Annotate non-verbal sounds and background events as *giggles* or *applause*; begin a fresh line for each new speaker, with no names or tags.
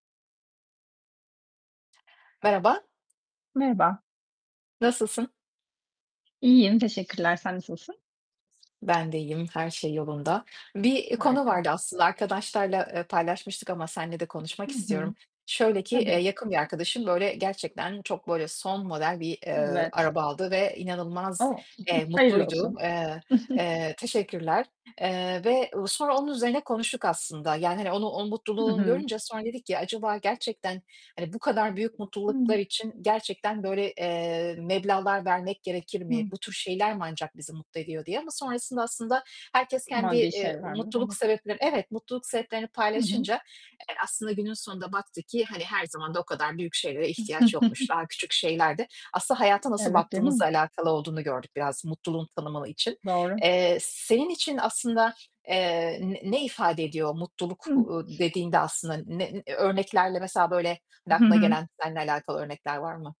Merhaba.
Merhaba.
Nasılsın?
İyiyim, teşekkürler. Sen nasılsın?
Ben de iyiyim. Her şey yolunda. Bir, iii, konu
Harika.
vardı aslında. Arkadaşlarla, eee, paylaşmıştık ama seninle de konuşmak
Hı hı.
istiyorum. Şöyle ki, eee,
Tabii.
yakın bir arkadaşım, böyle, gerçekten çok, böyle, son model bir, eee,
Evet.
araba aldı ve inanılmaz,
O,
eee,
*giggles* hayırlı
mutluydu.
olsun.
Eee,
*giggles*
eee Teşekkürler, eee, ve sonra onun üzerine konuştuk aslında. Yani, hani, onu, o
Hı
mutluluğunu
hı
görünce sonra dedik ki "Acaba gerçekten, hani, bu kadar büyük mutluluklar
Hı.
için gerçekten böyle, eee, meblağlar vermek gerekir mi?
Hı.
Bu tür şeyler mi ancak bizi mutlu ediyor?" diye ama sonrasında aslında herkes kendi,
Maddi
eee,
şeylerde
mutluluk
*unintelligible*
sebepleri Evet, mutluluk sebeplerini
Hı hı.
paylaşınca, eee, aslında günün sonunda baktık ki hani her zaman da o kadar büyük şeylere ihtiyaç yokmuş. Daha küçük
*giggles*
şeyler de Aslında hayata nasıl
Evet, değil mi?
baktığımızla alakalı olduğunu gördük biraz, mutluluğun tanımalı için.
Doğru.
Eee, senin için aslında, eee, ne ne ifade ediyor mutluluk,
Hı.
ııı, dediğinde aslında? Ne örneklerle mesela böyle
Hı
aklına
hı.
gelen, seninle alakalı örnekler var mı?